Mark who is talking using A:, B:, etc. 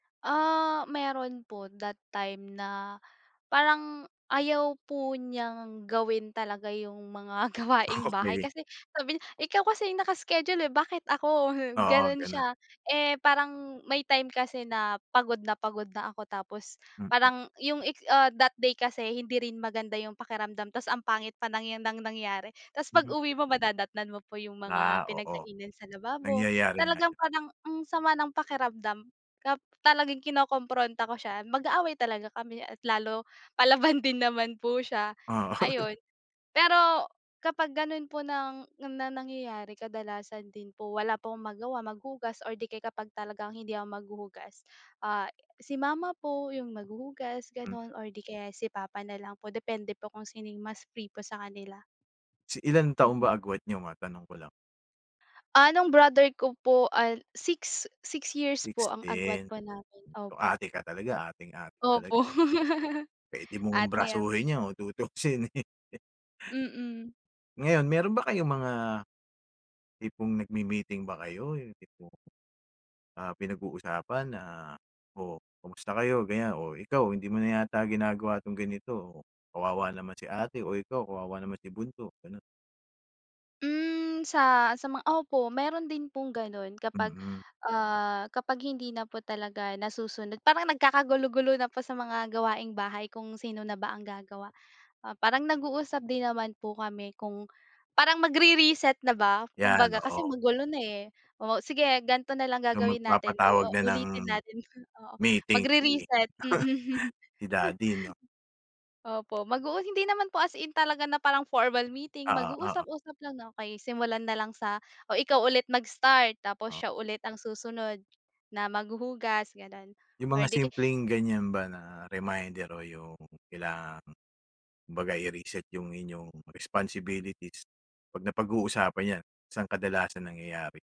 A: Ah, meron po that time na parang ayaw po n'yang gawin talaga yung mga gawaing -bahay,
B: Okey.
A: kasi sabi niya, "Ikaw kasi yung naka-schedule, eh, bakit ako, hmm?"
B: Oo,
A: gano'n
B: gano'n.
A: siya. Eh, parang may time kasi na pagod na pagod na ako, tapos
B: Mm.
A: parang yung it's ah, that day kasi, hindi rin maganda yung pakiramdam, ta's ang pangit pa ng 'yan ng nangyari. Ta's
B: Mhm.
A: pag-uwi mo madadatnan mo po yung
B: Ah,
A: mga
B: oo.
A: pinagkainan sa lababo.
B: Nangyayari nga
A: Talagang
B: 'yon.
A: parang ang sama ng pakiramdam, kap talagang kinokompronta ko siya, mag-aaway talaga kami at lalo palaban din naman po siya,
B: Oo.
A: ayon. Pero, kapag gano'n po ng na nangyayari kadalasan din po, wala po akong magawa, maghugas, or di kaya kapag talagang hindi ako maghuhugas, ah, si Mama po yung maghuhugas
B: M.
A: gano'n or 'di kaya, eh, si Papa na lang po, depende po kung sino yung mas free po sa kanila.
B: Si ilang taon
A: Mm.
B: ba agwat niyo? Matanong ko lang.
A: Ah, nung brother ko po, ah, 6, 6 years po
B: 6
A: ang agwat
B: din.
A: po namin,
B: So,
A: opo.
B: ate ka talaga, ateng-ate talaga,
A: Opo.
B: eh, 'no? P'wede mong
A: Ate ya
B: brasuhin 'yan kung tutuusin, eh.
A: Mm.
B: Ngayon, meron ba kayong mga, tipong nagmi-meeting ba kayo? Yung tipong, ah, pinag-uusapan na, "Oh, kamusta kayo?" ganiyan, "Oh, ikaw, hindi mo na yata ginagawa 'tong ganito. Oh, kawawa naman si ate. Oh, ikaw kawawa naman si bunso." gano'n.
A: Mm, sa, sa mga opo, meron din pong gano'n kapag,
B: Mm.
A: ah, kapag hindi na po talaga nasusunod. Parang nagkakagulo-gulo na po sa mga gawaing-bahay kung sino na ba ang gagawa. Ah, parang nag-uusap din naman po kami kung parang magre-reset na ba
B: 'Yan,
A: kumbaga, kasi
B: oo.
A: magulo na, eh, "O sige ganito na lang
B: So,
A: gagawin natin, u o
B: magpapatawag na ng
A: ulitin natin," oo,
B: meeting si,
A: magre-reset, mm.
B: si Daddy 'no?
A: Opo, mag-uu hindi naman po as in talaga na parang formal meeting, mag
B: Oo, oo.
A: uusap-usap lang, "Okey," simulan na lang sa "o, ikaw ulit mag-start, tapos
B: O.
A: siya ulit ang susunod na maghuhugas." gano'n
B: Yung
A: or
B: mga
A: 'di kay
B: simpleng ganiyan ba na reminder o yung kailangang, kumbaga, i-reset yung inyong responsibilities, 'pag napag-uusapan 'yan, saan kadalasan nangyayari?